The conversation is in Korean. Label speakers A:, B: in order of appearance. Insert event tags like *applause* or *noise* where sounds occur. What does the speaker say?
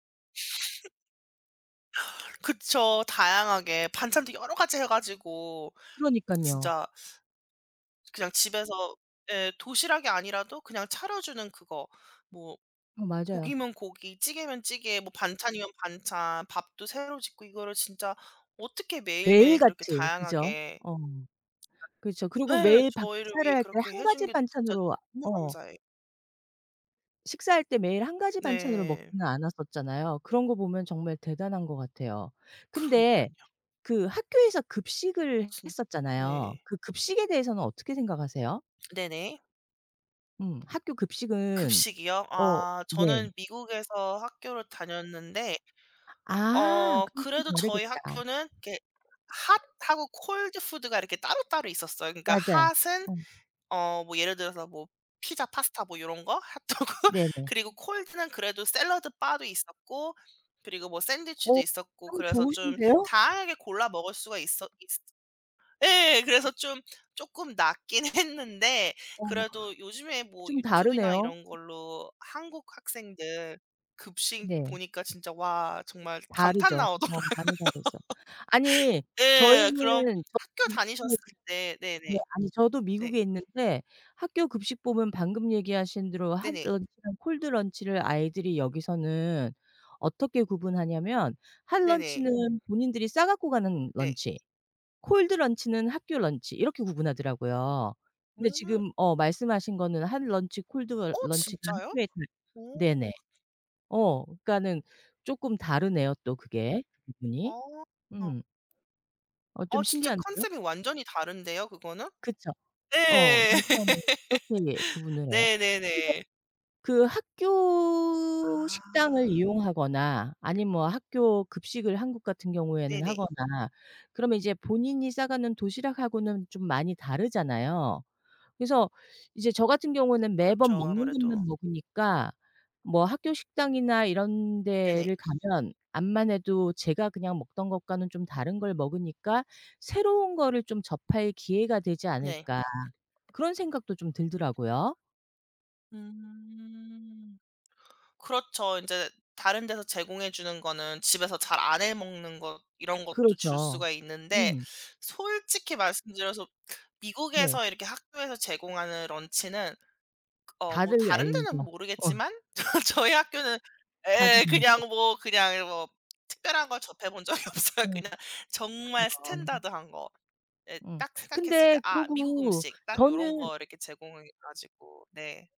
A: *laughs* 그쵸. 다양하게 반찬도 여러 가지 해 가지고.
B: 그러니깐요.
A: 진짜 그냥 집에서 예 도시락이 아니라도 그냥 차려 주는 그거. 뭐
B: 어 맞아요.
A: 고기면 고기, 찌개면 찌개, 뭐 반찬이면 반찬, 밥도 새로 짓고 이거를 진짜 어떻게 매일매일
B: 매일
A: 그렇게
B: 같이 그죠?
A: 다양하게
B: 어. 그렇죠. 그리고
A: 예.
B: 매일 밥
A: 저희를
B: 차려야
A: 위해
B: 할 때
A: 그렇게
B: 1
A: 해 준
B: 가지
A: 게 진짜
B: 반찬으로
A: 너무
B: 어.
A: 감사해.
B: 식사할 때 매일 1 가지 반찬으로
A: 네.
B: 먹지는 않았었잖아요. 그런 거 보면 정말 대단한 것 같아요. 근데
A: 그러니깐요.
B: 그 학교에서 급식을
A: 진
B: 했었잖아요.
A: 네.
B: 그 급식에 대해서는 어떻게 생각하세요?
A: 네네.
B: 음. 학교 급식은
A: 급식이요?
B: 어.
A: 아. 저는
B: 네.
A: 미국에서 학교를 다녔는데
B: 아.
A: 어
B: 그럼 좀
A: 그래도 저희
B: 다르겠다.
A: 학교는 이렇게 핫하고 콜드 푸드가 이렇게 따로따로 있었어요. 그러니까
B: 맞아요.
A: 핫은
B: 어.
A: 어 뭐 예를 들어서 뭐 피자 파스타 뭐 요런 거? 핫도그?
B: 네네.
A: 그리고 콜드는 그래도 샐러드 바도 있었고 그리고 뭐 샌드위치도
B: 어.
A: 있었고
B: 참
A: 그래서 좀
B: 좋으신데요?
A: 다양하게 골라 먹을 수가 있었 있으 예. 그래서 좀 쪼끔 낫긴 했는데
B: 어머 그건
A: 그래도 요즘에 뭐
B: 좀
A: 유튜브나
B: 다르네요.
A: 이런 걸로 한국 학생들 급식
B: 네.
A: 보니까 진짜 와 정말 감탄
B: 다르죠. 어
A: 나오더라고요.
B: 많이 다르죠. 아니
A: 예 그럼
B: 저희는 저
A: 학교 다니셨을
B: *unintelligible*
A: 때
B: 네
A: 네네.
B: 아니 저도
A: 네.
B: 미국에 있는데 학교 급식법은 방금 얘기하신 대로 핫
A: 네네.
B: 런치랑 콜드 런치를 아이들이 여기서는 어떻게 구분하냐면 핫
A: 네네.
B: 런치는 본인들이 싸 갖고 가는
A: 네.
B: 런치, 콜드 런치는 학교 런치 이렇게 구분하더라고요. 근데
A: 음.
B: 지금 어 말씀하신 거는 핫 런치 콜드 러
A: 어
B: 런치가
A: 진짜요?
B: 학교에 다
A: 오.
B: 네네. 어 그니까는 쪼끔 다르네요 또 그게. 그
A: 아.
B: 부분이.
A: 어.
B: 음. 어 좀
A: 어 진짜
B: 신기한데요?
A: 컨셉이 완전히 다른데요 그거는?
B: 그쵸. 어.
A: 예.
B: 일단은 그렇게
A: *laughs*
B: 구분을 해요. 근데
A: 네네네.
B: 그 학교 식당을
A: 아.
B: 이용하거나 아님 뭐 학교 급식을 한국 같은 경우에는
A: 네네.
B: 하거나 그러면 이제 본인이 싸 가는 도시락하고는 좀 많이 다르잖아요. 그래서 이제 저 같은 경우는 매번
A: 그렇죠
B: 먹는
A: 아무래도.
B: 것만 먹으니까 뭐 학교 식당이나 이런
A: 네네.
B: 데를 가면 암만해도 제가 그냥 먹던 것과는 좀 다른 걸 먹으니까 '새로운 거를 좀 접할 기회가 되지
A: 네.
B: 않을까.' 그런 생각도 좀 들더라고요.
A: 음. 그렇죠. 인제 다른 데서 제공해 주는 거는 집에서 잘 안 해 먹는 거 이런 것도 줄
B: 그렇죠.
A: 수가 있는데
B: 음.
A: 솔직히 말씀드려서
B: 네.
A: 미국에서 이렇게 학교에서 제공하는 런치는 그 어 뭐
B: 다들
A: 다른
B: 알죠.
A: 데는
B: 어.
A: 모르겠지만 저 저희 학교는
B: 다들
A: 예
B: 진짜.
A: 그냥 뭐 그냥 이 뭐 특별한 걸 접해 본 적이 없어요.
B: 음.
A: 그냥 정말
B: 아.
A: 스탠더드한 거. 예
B: 음.
A: 딱 생각했을
B: 근데
A: 때 '아 미국
B: 그러고
A: 음식.' 딱 요런
B: 저는
A: 거 이렇게 제공해 가지고 네.